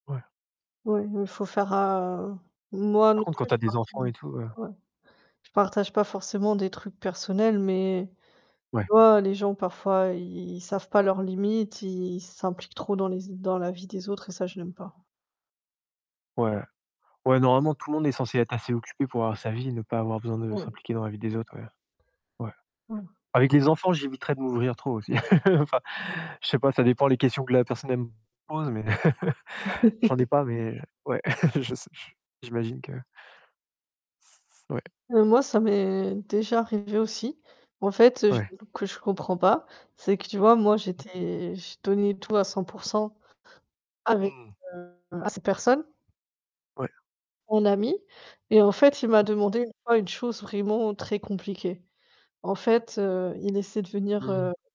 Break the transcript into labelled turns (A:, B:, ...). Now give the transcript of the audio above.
A: Ouais.
B: Oui, il faut faire, heu, moi
A: Par
B: non
A: contre, quand
B: plus
A: tu as
B: je
A: des
B: partage
A: enfants et tout, heu
B: oui. Je partage pas forcément des trucs personnels, mais tu
A: Ouais.
B: vois les gens parfois, i ils savent pas leurs limites, i ils s'impliquent trop dans les dans la vie des autres et ça j'aime pas.
A: Ouais, ouais, normalement, tout le monde est censé être assez occupé pour avoir sa vie, ne pas avoir besoin de
B: Ouais.
A: s'impliquer dans la vie des autres ouais, ouais.
B: Mmh.
A: Avec les enfants, j'éviterais de m'ouvrir trop aussi. Enfin, je sais pas, ça dépend les questions que la personne, elle me pose, mais je n'en dis pas, heu mais ouais, je sais, j'imagine que C ouais.
B: Heu, moi ça m'est déjà arrivé aussi. En fait, je
A: Ouais.
B: que je comprends pas, c'est que tu vois moi
A: Mmh.
B: j'étais je donnais tout à 100 % avec,
A: Mmh.
B: heu à cette personne
A: Ouais.
B: mon ami et en fait, il m'a
A: Mmh mh.
B: demandé une fois une chose vraiment très compliquée. En fait, heu, il essaie de venir,
A: Mmh.
B: heu